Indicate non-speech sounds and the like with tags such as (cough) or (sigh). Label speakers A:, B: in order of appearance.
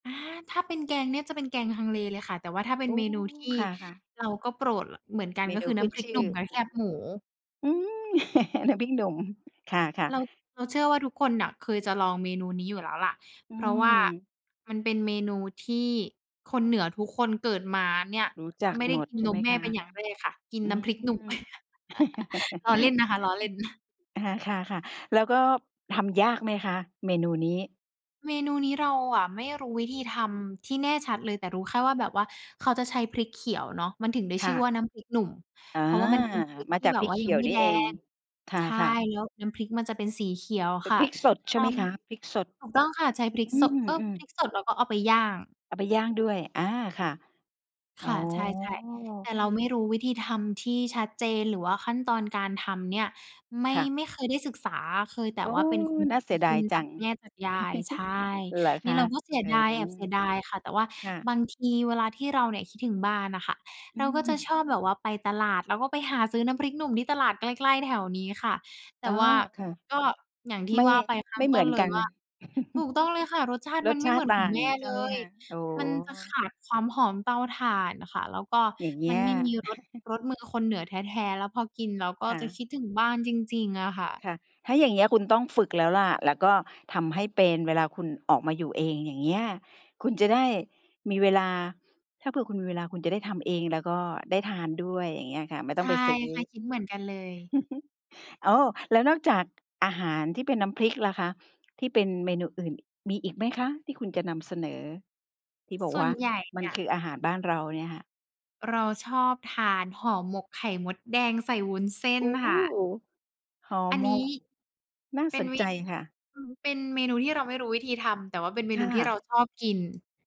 A: อา ถ้าเป็นแกงเนี่ย จะเป็นแกงฮังเลเลยค่ะ แต่ว่าถ้าเป็
B: โอ
A: น
B: ้
A: เมนูที่
B: ค่ะ ๆ
A: เราก็โปรด ล เหมือนกัน
B: เม
A: ก็
B: น
A: ค
B: ู
A: ือน
B: ข
A: ้
B: ึ้
A: ำ
B: น
A: พริก
B: ช
A: ห
B: ื
A: นุ
B: ่อ
A: ่มและแคบหมู
B: อืม (chuckles) น้ำพริก หนุ่ม ค่ะ
A: เรา
B: ๆ
A: เราเชื่อว่าทุกคนน่ะ เคยจะลองเมนูนี้อยู่แล้วล่ะ
B: อื
A: เพราะว่า
B: ม
A: มันเป็นเมนูที่คนเหนือทุกคนเกิดมาเนี่ย
B: รู้จัก
A: ไม่ได้
B: หมด
A: กิน
B: ใช
A: น
B: ่ไห
A: ม
B: ม
A: แม
B: ค
A: ่
B: ะ?
A: เป็นอย่างแรกค่ะ กิน
B: อื
A: น้
B: ม
A: ำพริกหนุ่ม (chuckles) ล้อเล่น
B: (chuckles)
A: นะคะ ล้อเล่น (chuckles)
B: อา ค่ะ ๆ แล้วก็ทำยากไหมคะ? เมนูนี้
A: เมนูนี้ เราอะไม่รู้วิธีทำที่แน่ชัดเลย แต่รู้แค่ว่า แบบว่าเขาจะใช้พริกเขียวเนาะ มันถึงได้
B: ค
A: ช
B: ่
A: ื่อ
B: ะ
A: ว่าน้ำพริกหนุ่ม
B: อา
A: เพราะว่ามันเป็นพริก
B: มา
A: ที่
B: จาก
A: แบ
B: พ
A: บ
B: ริก
A: ว่า
B: เข
A: ยั
B: ี
A: ง
B: ย
A: ไ
B: ว
A: ม่
B: นี่
A: แด
B: เอง
A: ง
B: ค
A: ใช่
B: ่ะ ๆ
A: แล้วน้ำพริกมันจะเป็นสีเขียว
B: เป็
A: ค
B: น
A: ่ะ
B: พริกสดใช
A: ล
B: ่
A: อ
B: ไหม
A: ง
B: คะ? พริกสด
A: ถูกต้องค่ะ ใช้พริ
B: อ
A: ก
B: ื
A: โสะ เออ
B: อ
A: พริ
B: ๆ
A: กสด แล้วก็เอาไปย่าง
B: เอาไปย่างด้วย อา ค่ะ อ
A: ค
B: ๋อ
A: ่ะ ใช่ ๆ แต่เราไม่รู้วิธีทำที่ชัดเจน หรือว่าขั้นตอนการทำเนี่ย ไม่
B: ค่ะ
A: ไม่เคยได้ศึกษา เคยแต
B: โ
A: ่
B: อ้
A: ว่าเป็นคน
B: น่าเสีย
A: ก
B: ด
A: ิ
B: าย
A: น
B: จ
A: จ
B: ั
A: าก
B: ง
A: แม่ จากยาย ใช
B: (chuckles)
A: ่
B: เหรอ
A: น
B: ค
A: ี่
B: ะ?
A: เราก็เสีย
B: เออ
A: ดายอะ เสียดายค่ะ แต่ว่า
B: ค่ะ
A: บางทีเวลาที่เราเนี่ย คิดถึงบ้านน่ะค่ะ
B: อ
A: เ
B: ื
A: ราก
B: อ
A: ็
B: ฮ
A: จะช
B: ึ
A: อบแบบว่าไปตลาด แล้วก็ไปหาซื้อน้ำพริกหนุ่มที่ตลาดใกล้ ๆ แถวนี้ค่ะ แต
B: อ
A: ่
B: ๋อ
A: ว่า
B: ค่ะ
A: ก็อย่างที
B: ไ
A: ่
B: ม่
A: ว่าไปข้
B: ไ
A: า
B: ม
A: ง
B: ่เ
A: ต
B: หม
A: ้
B: ือ
A: น
B: น
A: เล
B: ก
A: ย
B: ัน
A: ว่า ถูก
B: (chuckles)
A: ต้องเลยค่ะ รสชาติ
B: ร
A: มั
B: ส
A: นไ
B: ช
A: ม่
B: า
A: เห
B: ต
A: มื
B: ิ
A: อ
B: ต
A: น
B: ่
A: ขอ
B: า
A: ง
B: ง
A: แม่
B: ใช
A: เ
B: ่
A: ล
B: ไหมค
A: ย
B: ะ? อ๋อ
A: มันจะขาดความหอมเตาถ่านน่ะค่ะ แล้วก็
B: อย่างเง
A: ม
B: ี้
A: ัน
B: ย
A: ไม่มีรส
B: (chuckles)
A: รสมือคนเหนือแท้ ๆ แล้ว พอกินแล้วก็
B: ค่
A: จะ
B: ะ
A: คิดถึงบ้านจริง ๆ อะค่ะ
B: ค่ะ ถ้าอย่างเงี้ยคุณต้องฝึกแล้วล่ะ แล้วก็ทำให้เป็น เวลาคุณออกมาอยู่เอง อย่างเงี้ย คุณจะได้มีเวลา ถ้าเผื่อคุณมีเวลาคุณจะได้ทำเองแล้วก็ได้ทานด้วย อย่างเงี้ยค่ะ ไม่ต
A: ใช
B: ้อง
A: ่
B: ไปซื้อ
A: ค่ะ คิดเหมือนกันเลย
B: (chuckles) โอ้ แล้วนอกจากอาหารที่เป็นน้ำพริกล่ะคะ ที่เป็นเมนูอื่น มีอีกไหมคะที่คุณจะนำเสนอ? ที่บอ
A: ส
B: ก
A: ่
B: ว
A: ว
B: ่
A: น
B: า
A: ใหญ่
B: ม
A: เ
B: ั
A: น
B: น
A: ี่ย
B: คืออาหา
A: อ
B: รบ้านเราเนี่ยค่ะ
A: เราชอบทานห่อหมกไข่มดแดงใส่วุ้นเส้
B: โ
A: น
B: อ้
A: ค่ะ
B: ห่อ
A: อัน
B: หม
A: นี้
B: ก! น่า
A: เป็
B: ส
A: น
B: น
A: วิ
B: ใจค่ะ
A: อืม เป็น เป็นเมนูที่เราไม่รู้วิธีทำ แต่ว่าเป็นเม
B: ค
A: น
B: ่
A: ูที่เรา
B: ะ
A: ชอบกิน